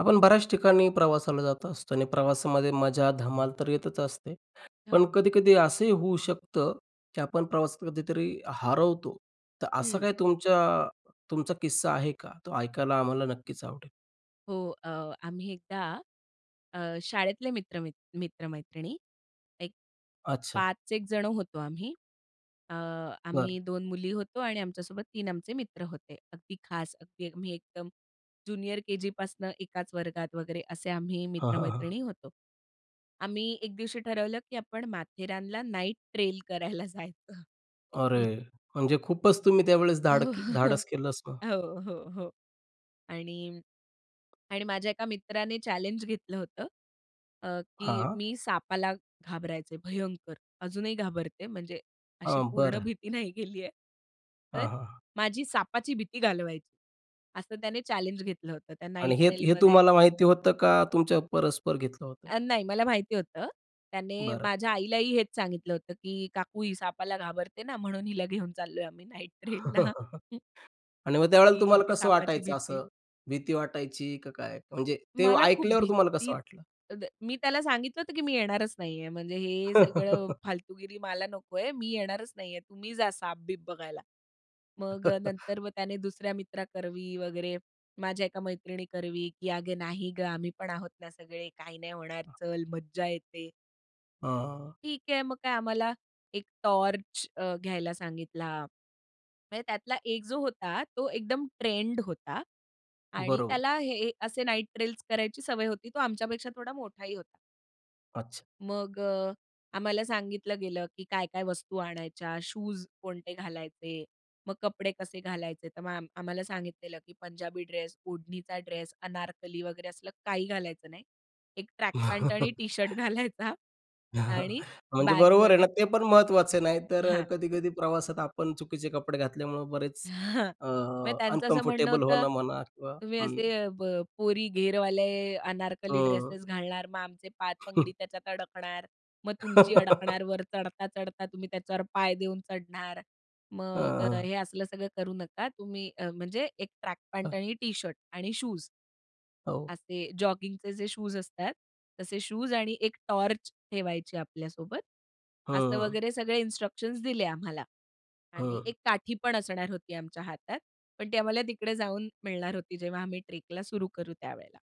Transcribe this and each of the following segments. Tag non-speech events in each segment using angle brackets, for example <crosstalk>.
आपण बऱ्याच ठिकाणी प्रवासाला जात असतो आणि प्रवासामध्ये मजा, धमाल तर येतच असते. पण हो. कधी-कधी असंही होऊ शकतं, की आपण प्रवासात कधीतरी हरवतो. तर असं हं. काय तुमच्या तुमचा किस्सा आहे का? तो ऐकायला आम्हाला नक्कीच आवडेल. हो. अ, आम्ही एकदा अ, शाळेतले मित्र मित मित्र-मैत्रिणी एक अच्छा. 5 एक जण होतो आम्ही, अ, बरं. आम्ही 2 मुली होतो आणि आमच्यासोबत 3 आमचे मित्र होते. अगदी खास, अगदी मी एकदम जूनियर केजी पासनं एकाच वर्गात वगैरे असे आम्ही हां, हां, हां. मित्रमैत्रिणी होतो. आम्ही एक दिवशी ठरवलं, की आपण माथेरानला नाईट ट्रेल करायला जायचं. अरे! म्हणजे खूपच तुम्ही त्यावेळेस धाड <chuckles> धाडस केलंच ना. हो, हो, हो. आणि आणि माझ्या एका मित्राने चॅलेंज घेतलं होतं. अ, की हां. मी सापाला घाबरायचे भयंकर, अजूनही घाबरते, म्हणजे अशी हां. पूर्ण बरं. भीती नाही गेली आहे. तर, हां, हां. माझी सापाची भीती घालवायची, असं त्याने चॅलेंज घेतलं होतं त्या नाईट आणि हे, हे ट्रेलमध्ये. तुम्हाला माहिती होतं का, तुमच्या परस्पर घेतलं होतं? अ, नाही. मला माहिती होतं. त्याने बरं. माझ्या आईलाही हेच सांगितलं होतं, की "काकू ही सापाला घाबरते ना, म्हणून हिला घेऊन चाललोय आम्ही नाईट ट्रेलला." <chuckles> आणि मग की त्यावेळेला तुम्हाला हिची कसं सापाची वाटायचं भीती असं? भीती वाटायची? की काय? म्हणजे ते मला खूप ऐकल्यावर तुम्हाला कसं भीती, वाटलं? <unintelligible> मी त्याला सांगितलं होतं, की मी येणारच नाही आहे. म्हणजे हे सगळं <laughs> फालतूगिरी मला नको आहे, मी येणारच नाही आहे, तुम्ही जा सापबीप बघायला. मग अ, <laughs> नंतर व त्याने दुसऱ्या मित्रा करवी वगैरे, माझ्या एका मैत्रिणी करवी, की "अगं नाही गं, आम्ही पण आहोत ना सगळे काही नाही होणार, हं. चल मज्जा येते." हं. ठीक आहे. मग काय आम्हाला, एक टॉर्च अ, घ्यायला सांगितला. म्हणजे त्यातला 1 जो होता, तो एकदम ट्रेंड होता आणि बरोबर. त्याला हे असे नाइट ट्रेलस करायची सवय होती, तो आमच्यापेक्षा थोडा मोठाही होता. अच्छा. मग अ, आम्हाला सांगितलं गेलं, की काय-काय वस्तू आणायच्या. शूज कोणते घालायचे. मग कपडे कसे घालायचे, तर मॅम आम्हाला सांगितलेलं, की पंजाबी ड्रेस, ओढणीचा ड्रेस, अनारकली वगैरे असलं काही घालायचं नाही. एक ट्रॅक पॅन्ट आणि टी शर्ट <laughs> घालायचा <chuckles> आणि म्हणजे बरोबर आहे बॅगमध्ये ना, ते पण महत्त्वाचं आहे. नाही तर अ, हां. कधी-कधी प्रवासात आपण चुकीचे कपडे घातल्यामुळं बरेच, हां. अ, म्हणजे त्यांचं असं म्हणणं अनकम्फर्टेबल होतं, होणं म्हणा किंवा तुम्ही हं. असे अ, ब पोरी घेरवाले, अनारकली हं. ड्रेसेस घालणार, मग आमचे पाय तंगडी <chuckles> त्याच्यात अडकणार. मग तुमची <laughs> अडकणार. वर चढता-चढता तुम्ही त्याच्यावर पाय देऊन चढणार. अ, मग अ, हं. हे असलं सगळं करू नका तुम्ही अ, म्हणजे, एक ट्रॅक पॅन्ट हं. आणि टी शर्ट आणि शूज हो. असे जॉगिंगचे जे शूज असतात. तसे शूज आणि एक टॉर्च ठेवायची आपल्यासोबत. असं हं. वगैरे सगळे इन्स्ट्रक्शन्स दिले आम्हाला आणि हं. एक काठी पण असणार होती आमच्या हातात. पण ती आम्हाला तिकडे जाऊन मिळणार होती जेव्हा आम्ही ट्रेकला सुरु करू त्यावेळेला.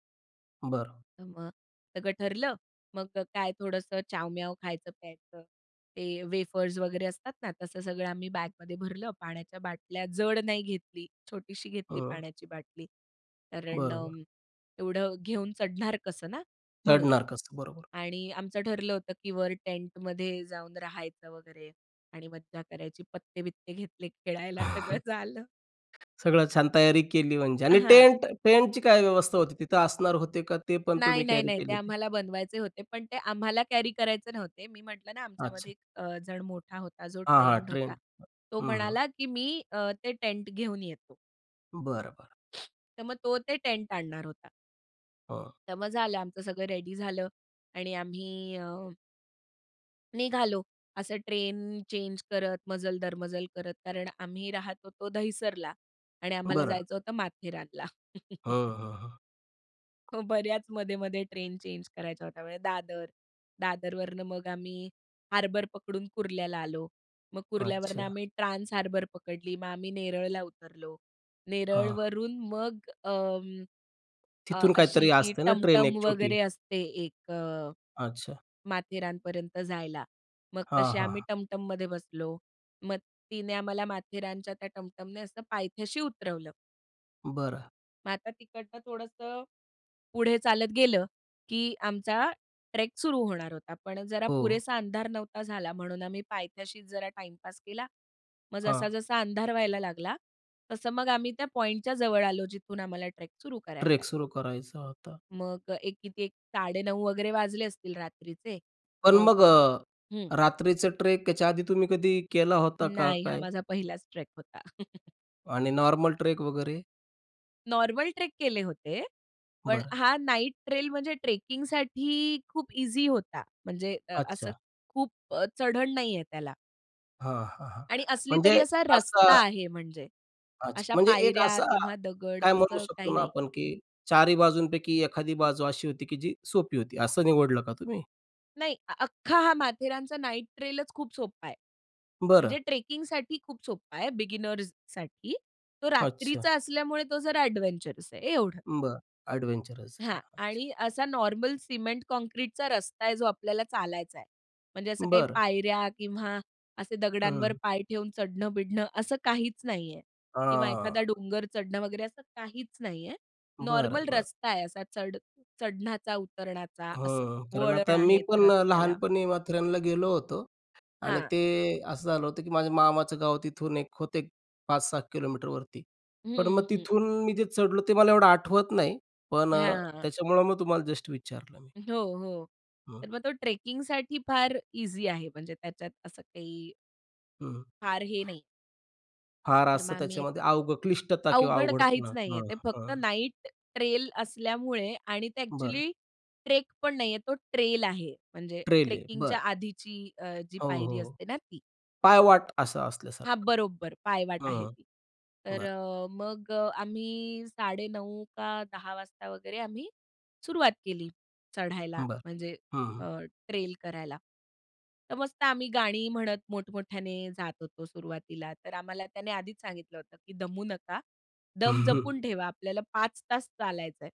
बरं. तर मग सगळं ठरलं. मग अ, काय, थोडंसं चावम्याव खायचं-प्यायचं, ते वेफर्स वगैरे असतात ना, तसं सगळं आम्ही बॅगमध्ये भरलं, पाण्याच्या बाटल्या जड नाही घेतली, छोटीशी घेतली हं. पाण्याची बाटली. कारण बरोबर. अं, एवढं घेऊन चढणार कसं ना? म्हणून चडणार कसं, बरोबर. आणि आमचं ठरलं होतं, की वर टेंट मध्ये जाऊन राहायचं वगैरे आणि मज्जा करायची, पत्ते-बित्ते घेतले खेळायला, सगळं <chuckles> झालं. सगळं छान तयारी केली. म्हणजे अ, आणि हां. टेंट टेंट ची काय व्यवस्था होती, तिथं असणार होते का, ते पण नाही, तुम्ही नाही, कॅरी नाही. ते केलेले? आम्हाला बनवायचे होते, पण ते आम्हाला कॅरी करायचे नव्हते. मी म्हटलं ना, आमच्यामध्ये अच्छा. एक अ, जण मोठा होता, जो हां, हां. ट्रेंड ट्रेन होता. तो अ हं, हं. म्हणाला, की "मी अ, ते टेंट घेऊन येतो." बरं, बरं. <inhales> तर मग तो ते टेंट आणणार होता. हां. तर मग झालं, आमचं सगळं रेडी झालं आणि आम्ही अ, निघालो असं ट्रेन चेंज करत, मजल दर मजल करत. कारण आम्ही राहत होतो दहिसरला आणि आम्हाला बरं. जायचं होतं माथेरानला. हं, <chuckles> हं, हं. हो, बऱ्याच मधेमधे ट्रेन चेंज करायच्या होता, म्हणजे दादर, दादरवरनं मग आम्ही हार्बर पकडून कुर्ल्याला आलो. मग कुर्ल्यावरनं अच्छा. आम्ही ट्रान्स हार्बर पकडली, मग आम्ही नेरळला उतरलो, हां. नेरळवरून मग अं, अ, तिथून अशी काहीतरी ती असते ना, ट्रेन टमटम एक छोटी. वगैरे असते एक अ, अच्छा. माथेरानपर्यंत जायला. मग हां, तसे आम्ही हां. टमटममध्ये बसलो, मग तिने आम्हाला माथेरानच्या त्या टमटमने असं पायथ्याशी उतरवलं. बरं मग आता तिकडनं थोडंसं पुढे चालत गेलं, की आमचा ट्रेक सुरू होणार होता. पण जरा हो. पुरेसा अंधार नव्हता झाला म्हणून आम्ही पायथ्याशीच जरा टाइम पास केला, मग जसा हां. जसा अंधार व्हायला लागला, तसं मग आम्ही त्या पॉइंटच्या जवळ आलो जिथून आम्हाला ट्रेक सुरू करायचा ट्रेक आहे. सुरू करायचा होता. मग एक किती एक 9:30 वगैरे वाजले असतील रात्रीचे. पण मग मग अ, हं. रात्रीचं ट्रेक याआधी तुम्ही कधी केला होता का नाही. हा काय? माझा 1लाच ट्रेक होता. <chuckles> आणि नॉर्मल ट्रेक वगैरे? नॉर्मल ट्रेक केले होते. पण बरं. हा नाईट ट्रेल म्हणजे ट्रेकिंगसाठी खूप ईझी होता. म्हणजे अ, असं अच्छा. खूप चढण नाहीये त्याला. हां, हां, हां, आणि असली तरी म्हणजे असा असा रस्ता आहे म्हणजे. अच्छा. अशा म्हणजे एक पायऱ्या असं अ, किंवा दगड काय म्हणू असं काही शकतो ना नाही. आपण, की चारही बाजूंपैकी एखादी बाजू अशी होती, की जी सोपी होती असं निवडलं का तुम्ही? नाही. अख्खा हा माथेरानचा नाईट ट्रेलच खूप सोप्पा आहे. बरं. म्हणजे ट्रेकिंगसाठी खूप सोप्पं आहे बिगिनर्ससाठी. तो अच्छा. रात्रीचा असल्यामुळे तो जरा अडवेंचरस आहे एवढं. बरं. अडवेंचरस हां. अच्छा. आणि असा नॉर्मल सिमेंट काँक्रीटचा रस्ता आहे जो आपल्याला चालायचा आहे. म्हणजे असं काही बरं. पायऱ्या किंवा असे दगडांवर हं. पाय ठेवून चढण-बिडणं असं काहीच नाही आहे किंवा एखादा हां. डोंगर चढणं वगैरे असं काहीच नाही आहे. बरं, नॉर्मल बरं. रस्ता आहे असा चढ चढणाचा उतरणाचा असं. हं. कारण वळण आता मी आहेत पण अ, रस्त्याला. लहानपणी माथेरानला गेलो होतो. आणि हां. ते असं झालं होतं की माझ्या मामाचं गाव तिथून एक होत 5-6 किलोमीटरवरती. पण मग हं, हं. तिथून मी जे चढलो ते मला एवढं आठवत नाही पण अ, हां, हां. त्याच्यामुळं मग तुम्हाला जस्ट विचारलं मी. हो, हो. हं. तर मग तो ट्रेकिंगसाठी फार ईझी आहे म्हणजे त्याच्यात असं काही हं. फार हे नाही. फार तर असं मग आम्ही एक त्याच्यामध्ये अवघ क्लिष्टता किंवा अवघड काहीच अवघडपणा. नाही आहे. हां, ते फक्त हां. नाईट ट्रेल असल्यामुळे आणि ते बरं. अ‍ॅक्च्युअली ट्रेकपण नाही आहे, तो ट्रेल आहे. म्हणजे ट्रेल आहे. ट्रेकिंगच्या बरं. आधीची अ, जी हो, पायरी हो. असते ना ती. पायवाट असं हां, असल्यासारखं.हं. बरोबर. पायवाट आहे ती. तर बरं. अ, मग आम्ही 9:30 का 10:00 वाजता वगैरे आम्ही सुरुवात केली, चढायला. बरं. म्हणजे हं, हं. अ, ट्रेल करायला. तर मस्त आम्ही गाणी म्हणत मोठ-मोठ्याने जात होतो सुरुवातीला. तर आम्हाला त्याने आधीच सांगितलं होतं की दमू नका, दम <chuckles> जपून ठेवा. आपल्याला 5 तास चालायचंय.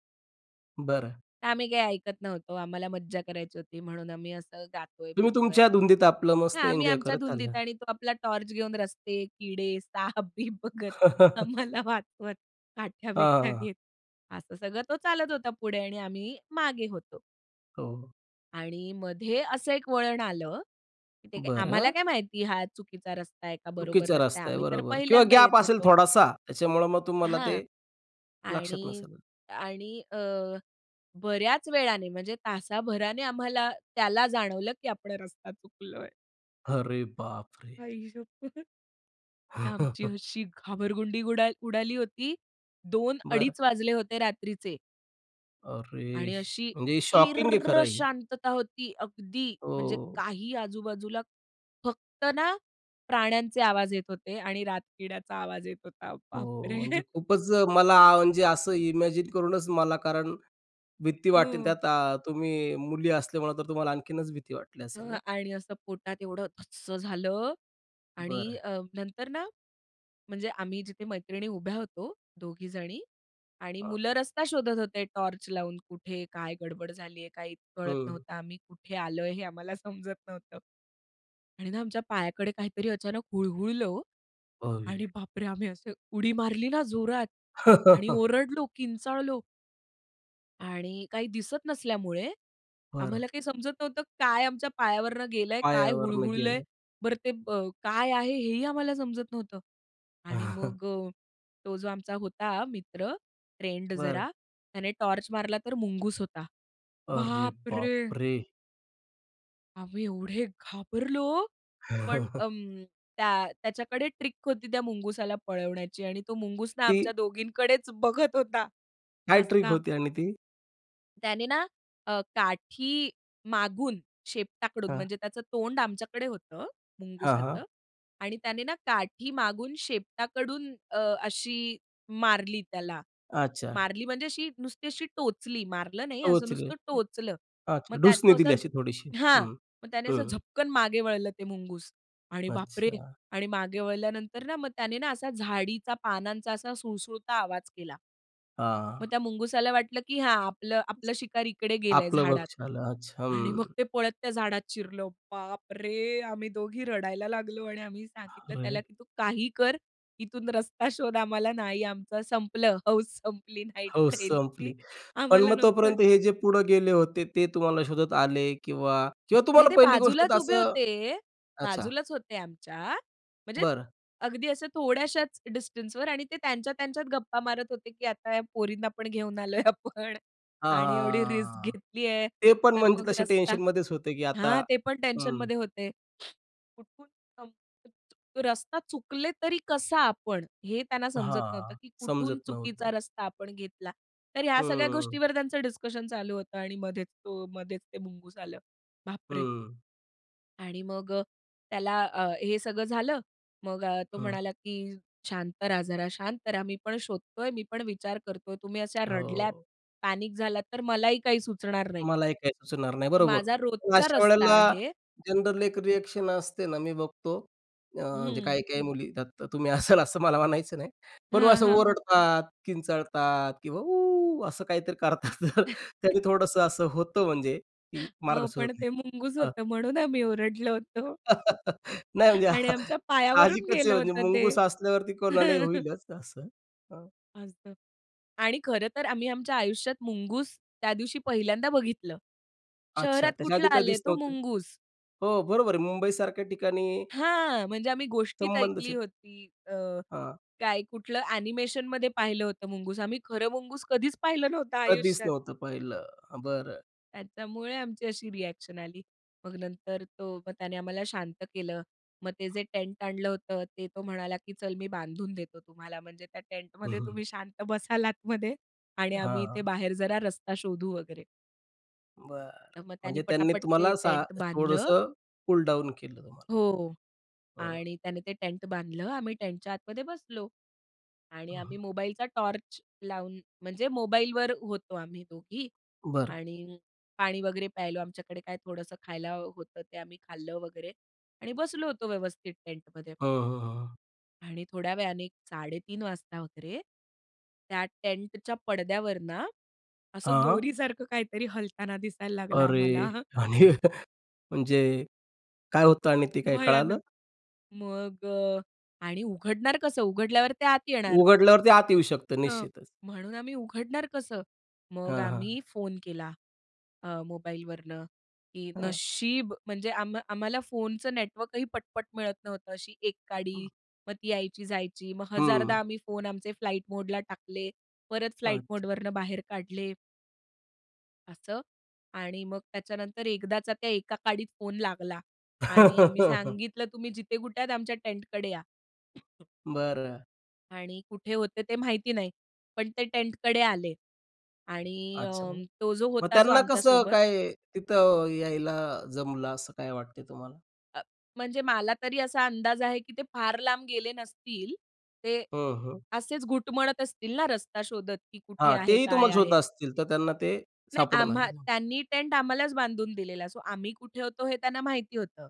बरं. तर आम्ही काही ऐकत नव्हतो. आम्हाला मज्जा करायची होती, म्हणून आम्ही असं तुम्ही गातोय-बितोय तुमच्या धुंदीत आपलं हां. मस्त आम्ही एन्जॉय आमच्या करत चालल आहे. धुंदीत आणि तो आपला टॉर्च घेऊन रस्ते, किडे, साप बीप बघत <laughs> आम्हाला वाचवत, काठ्या हां, बिठ्या हां. घेत. असं सगळं तो चालत होता पुढे आणि आम्ही मागे होतो. हो. आणि मध्ये असं एक वळण आलं, की ते आम्हाला बरं. काय माहिती? हा चुकीचा रस्ता आहे का, बरोबर चुकीचा रस्ता आहे? रस्ता आहे, आम्ही तर बरोबर किंवा पहिल्यांदा येत गॅप असेल होतो. थोडासा, त्याच्यामुळं मग तुम्हाला हां. ते, लक्षात आणि, नसेल. आणि अ, बऱ्याच वेळाने, म्हणजे तासाभराने आम्हाला त्याला जाणवलं, की आपण रस्ता चुकलोय. अरे बापरे! आई शप्पथ! आमची <chuckles> अशी घाबरगुंडी गुडाल उडाली होती. बरं. दोन-अडीच वाजले होते रात्रीचे. अरे! आणि श अशी म्हणजे शॉकिंग आहे किर्रर्र खरं हे. शांतता होती अगदी. म्हणजे ओ. काही आजूबाजूला. फक्त ना, प्राण्यांचे आवाज येत होते आणि रातकिड्याचा आवाज येत होता. हो. बापरे! म्हणजे <chuckles> खूपच मला म्हणजे असं इमॅजिन करूनच मला कारण भीती वाटते. हो. त्यात अ, तुम्ही मुली असल्यामुळे तर तुम्हाला आणखीनच भीती वाटली अ, असेल नाही. आणि असं पोटात एवढं धस्स झालं. आणि बरं. अ, नंतर ना म्हणजे आम्ही जिथे मैत्रिणी उभ्या होतो दोनजणी. आणि हां. मुलं रस्ता शोधत होते टॉर्च लावून, कुठे काय गडबड झाली आहे, काही कळत हं. नव्हतं. आम्ही कुठे आलोय हे आम्हाला समजत नव्हतं. आणि ना आमच्या पायाकडे काहीतरी अचानक हुळहुळलं वो. अयी. आणि बापरे! आम्ही असं उडी मारली ना जोरात. आणि <chuckles> ओरडलो, किंचाळलो. आणि काही दिसत नसल्यामुळे बरं. आम्हाला काही समजत नव्हतं काय आमच्या पायावरनं गेलंय? काय पायावरन हुळहुळलंय? गेलंय. बरं ते ब काय आहे हेही आम्हाला समजत नव्हतं. आणि <chuckles> मग अ, तो जो आमचा होता मित्र फ्रेंड बरं. जरा त्याने टॉर्च मारला तर मुंगूस होता. अरे बापरे! बापरे! आम्ही एवढे घाबरलो, पण <chuckles> अं, त्या त्याच्याकडे ट्रिक होती त्या मुंगुसाला पळवण्याची आणि तो मुंगुस ना आमच्या ती दोघींकडेच बघत होता, काय ट्रिक हसता. होती आणि ती? त्याने ना अ, काठी मागून, शेपटाकडून हां. म्हणजे त्याचं तोंड आमच्याकडे होतं हां, मुंगुसाचं हां. आणि त्याने ना काठी मागून शेपटाकडून अ, अशी मारली त्याला. अच्छा. मारली म्हणजे अशी नुसती अशी टोचली, मारलं नाही, असं टोचले नुसतं टोचलं. अच्छा मग त्यात ढुसणी तो असा दिली अशी थोडीशी? हां. हं, मग त्याने असं हं. झपकन मागे वळलं ते मुंगूस आणि बाप रे! अच्छा. आणि मागे वळल्यानंतर ना मग त्याने ना असा झाडीचा पानांचा असा सुळसुळता आवाज केला. हां. मग त्या मुंगुसाला वाटलं की हा आपलं आपलं शिकार इकडे गेलंय आपलं वर्क झाडात छालं, अच्छा. आणि मग हं. ते पळत त्या झाडात शिरलं, बाप रे! आम्ही दोघी रडायला लागलो आणि आम्ही सांगितलं त्याला अरे! की "तू काही कर, इथून रस्ता शोध, आम्हाला नाही, आमचं संपलं, हौस संपली, नाईट हो ट्रेलची, संपली. पण आम्हाला मग नकोय." तोपर्यंत हे जे पुढे गेले होते, ते तुम्हाला शोधत आले किंवा किंवा नाही तुम्हाला ते पहिली गोष्ट बाजूलाच तर उभे असं? होते, अच्छा. बाजूलाच होते आमच्या, म्हणजे बरं. अगदी अशा थोड्याशाच डिस्टन्सवर आणि ते त्यांच्या-त्यांच्यात गप्पा मारत होते की, "आता ह्या पोरींना पण घेऊन आलोय आपण हां, हां, आणि एवढी हां, रिस्क हां, हां. घेतली आहे. ते पण तर म्हणजे मग तसे रस्ता" टेन्शन मध्येच होतं की आता हां, ते पण हं. टेन्शनमध्ये होते. <lip trill> कुठून <unintelligible> रस्ता चुकले तरी कसा आपण? हे त्यांना समजत नव्हतं हां. की कुठून समजत नव्हतं. चुकीचा रस्ता आपण घेतला, तर ह्या सगळ्या हं. गोष्टींवर त्यांचं डिस्कशन चालू होतं आणि मध्येच तो मधेच ते मुंगूस आलं. बापरे! हं. आणि मग अ, त्याला अ, हे सगळं झालं, मग अ, तो हं. म्हणाला, की शांत रहा, जरा शांत रहा, मी पण शोधतोय, मी पण विचार करतोय. तुम्ही अशा रडल्यात, हो. पॅनिक झालात, तर मलाही काही सुचणार नाही. मला हे काही सुचणार नाही, तर बरोबर. माझा पण रोजचा अशा रस्ता वेळेला आहे. जनरल एक रिएक्शन असते ना, मी बघतो, अ, म्हणजे हं. काही काही मुली येतात, तुम्ही असाल असं मला मानायचं नाही, पण हां, असं हां. ओरडतात, किंचाळतात किंवा उ असं काहीतरी करतात, तर त्याने <chuckles> थोडंसं असं होतं, म्हणजे की मार्ग अहो सुचत पण ते नाही. मुंगस हं. होतं, म्हणून आम्ही ओरडलो होतो. <laughs> नाही म्हणजे आणि आमच्या पायावरून साहजिकच आहे गेलं म्हणजे होतं ते. मुंगूस असल्यावरती कोणालाही <chuckles> होईलच असं. हां. <unintelligible> आणि खरं तर आम्ही आमच्या आयुष्यात मुंगूस, त्या दिवशी पहिल्यांदा बघितलं. अच्छा. शहरात त्याच्या कुठला आधी काय आले दिसलं तो होतं? मुंगूज. हो, बरोबर आहे. मुंबई सारख्या ठिकाणी हां, म्हणजे आम्ही गोष्टीत संबंधचं ऐकली येत होती. अ, हां. काय कुठलं अ‍ॅनिमेशनमध्ये पाहिलं होतं, मुंगूस. आम्ही खरं मुंगूस कधीच पाहिलं नव्हता कधीच आयुष्यात. नव्हतं पहिलं. हं, बरं. त्याच्यामुळे आमची अशी रिएक्शन आली. मग नंतर तो, मग त्याने आम्हाला शांत केलं, मग ते जे टेंट आणलं होतं, ते तो म्हणाला, की चल, मी बांधून देतो तुम्हाला, म्हणजे त्या टेंटमध्ये <chuckles> तुम्ही शांत बसला आतमध्ये. आणि आम्ही इथे हां. बाहेर जरा रस्ता शोधू वगैरे. बरं. तर मग त्यांनी म्हणजे त्यांनी पटापट ते तुम्हाला सा टेंट बांधलं. थोडंसं कूल डाउन केलं तुम्हाला. हो. हं. आणि त्याने ते टेंट बांधलं. आम्ही टेंटच्या आतमध्ये बसलो. आणि हं, हं. आम्ही मोबाईलचा टॉर्च लावून म्हणजे मोबाईलवर होतो, आम्ही दोघी बरं. आणि पाणी वगैरे प्यायलो. आमच्याकडे काय थोडंसं खायला होतं, ते आम्ही खाल्लं वगैरे. आणि बसलो होतो व्यवस्थित टेंटमध्ये. हं, हं, हं. आणि थोड्या वेळाने 3:30 वाजता वगैरे, त्या टेंटच्या पडद्यावर ना, असं हां. दोरीसारखं काहीतरी हलताना दिसायला लागला अरे! आम्हाला. आणि म्हणजे काय होतं आणि ते काय कळालं? भयानक. मग अ, आणि उघडणार कसं? उघडल्यावर ते आत येणार. उघडल्यावर ते आत येऊ शकतं हां. निश्चितच. म्हणून आम्ही उघडणार कसं. मग हां, हां. आम्ही फोन केला अ, मोबाईलवरनं, की हां. नशीब म्हणजे आम्हा आम्हाला फोनचं नेटवर्कही पटपट मिळत नव्हतं. अशी 1 हं. काडी मग ती यायची जायची. मग 1000 हं. दा आम्ही फोन आमचे फ्लाइट मोडला टाकले. परत फ्लाइट अच्छा. मोडवरनं बाहेर काढले. असं आणि मग त्याच्यानंतर एकदाचा त्या एका काडीत फोन लागला आणि आम्ही <laughs> सांगितलं, तुम्ही जिथे कुठे आहात. आमच्या टेंटकडे या. <coughs> बरं. आणि कुठे होते ते माहिती नाही. पण ते टेंटकडे आले आणि अच्छा. अं, तो जो मग होता जो त्यांना आमच्या कसं सोबत काय तिथं यायला जमलं असं काय वाटते तुम्हाला? अ, म्हणजे मला तरी असा अंदाज आहे, की ते फार लांब गेले नसतील, ते हो, हो. असेच घुटमळत असतील ना रस्ता शोधत की कुठे हां, आहे? तेही काय तुम्हाला शोधत आहे? असतील तर त्यांना ते नाही, सापडून आले आम्हा मग. त्यांनी टेंट आम्हालाच बांधून दिलेला. सो आम्ही कुठे होतो हे त्यांना माहिती होतं.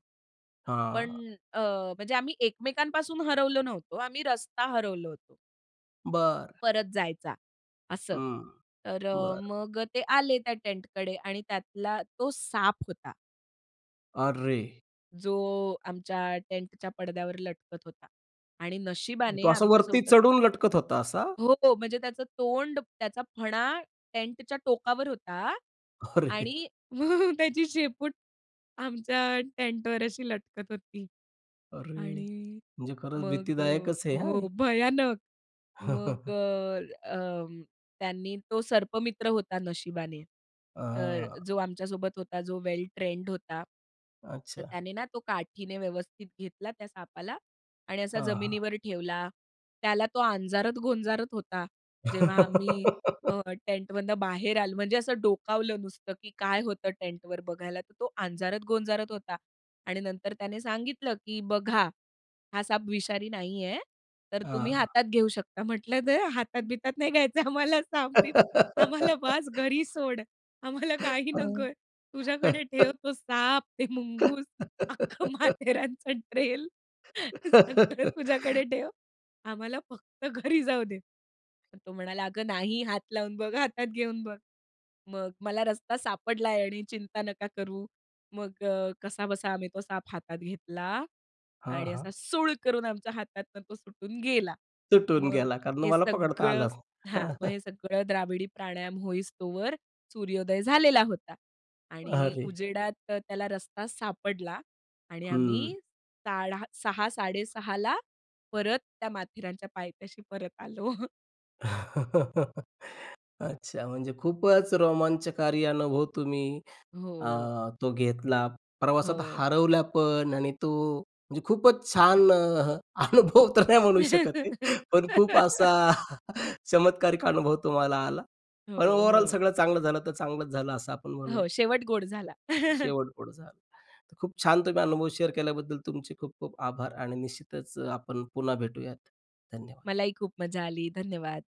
पण हां. अ, म्हणजे आम्ही एकमेकांपासून हरवलो नव्हतो, आम्ही रस्ता हरवलो होतो. बरं. परत जायचा, असं. हं. तर अ, बरं. मग अ, ते आले त्या टेंटकडे आणि त्यातला तो साप होता. अरे! जो आमच्या टेंटच्या पडद्यावर लटकत होता आणि म्हणजे नशिबाने तो असा वरती आमच्यासोबत चढून लटकत होता असा? हो. म्हणजे त्याचं तोंड, त्याचा फणा टेंटच्या टोकावर होता अरे! आणि <chuckles> त्याची शेपूट आमच्या टेंटवर अशी लटकत होती अरे! आणि म्हणजे खरंच मग अ, भीतीदायकच आहे हं हो. हे! भयानक! मग <chuckles> अ, अं, त्यांनी तो सर्पमित्र होता नशिबाने, तर अ. जो आमच्यासोबत होता, जो वेल ट्रेंड होता. तर अच्छा. त्याने ना तो काठीने व्यवस्थित घेतला त्या सापाला आणि असा हां, हां. जमिनीवर ठेवला. त्याला तो अंजारत-गोंजारत होता. जेव्हा आम्ही अ, <giggles> टेंटमधनं बाहेर आल म्हणजे असं डोकावलं नुसतं, की काय होतं टेंटवर बघायला तर तो अंजारत-गोंजारत होता आणि नंतर त्याने सांगितलं की "बघा, हा साप विषारी नाही आहे, तर तुम्ही हां. हातात घेऊ शकता." म्हटलं नाही हातात-बितात नाही घ्यायचं आम्हाला साप-बीप. आम्हाला बास <laughs> घरी सोड. आम्हाला <chuckles> काही हं. नकोय. तुझ्याकडे ठेव <chuckles> तो साप, ते मुंगूस, अख्खं <laughs> माथेरानचा ट्रेल. सगळं तुझ्याकडे <laughs> ठेव. आम्हाला फक्त घरी जाऊ दे. तर तो म्हणाला "अगं नाही, हात लावून बघ, हातात घेऊन बघ." मग मला रस्ता सापडलाय आणि चिंता नका करू. मग अ, कसाबसा आम्ही तो साप हातात घेतला हां, आणि असा हां. सूळ करून आमच्या हातातून तो सुटून गेला. सुटून मग गेला. कारण हे तुम्हाला पकडता सगळं आलाच नाही. हां, हां. मग <chuckles> हे सगळं द्राविडी प्राणायाम होईस्तोवर सूर्योदय झालेला होता आणि अरे! उजेडात तर त्याला रस्ता सापडला आणि हम्म. आम्ही साडा 6:00-6:30ला ला परत त्या माथेरानच्या पायथ्याशी परत आलो. <chuckles> अच्छा. म्हणजे खूपच रोमांचकारी अनुभव तुम्ही अ, हो. तो घेतला. प्रवासात हो. हरवल्या पण आणि तो म्हणजे खूपच छान अ, अनुभव तर नाही म्हणू शकत आहे, पण खूप <giggles> असा <chuckles> चमत्कारिक अनुभव तुम्हाला आला. हो, पण ओव्हरऑल हो. सगळं चांगलं झालं, तर चांगलंच झालं असं आपण हो, म्हणूयात. शेवट गोड झाला. <chuckles> शेवट गोड झाल. तर खूप छान तुम्ही अनुभव शेअर केल्याबद्दल तुमचे खूप-खूप आभार आणि निश्चितच अ, आपण पुन्हा भेटूयात. धन्यवाद. मलाही खूप मज्जा आली. धन्यवाद.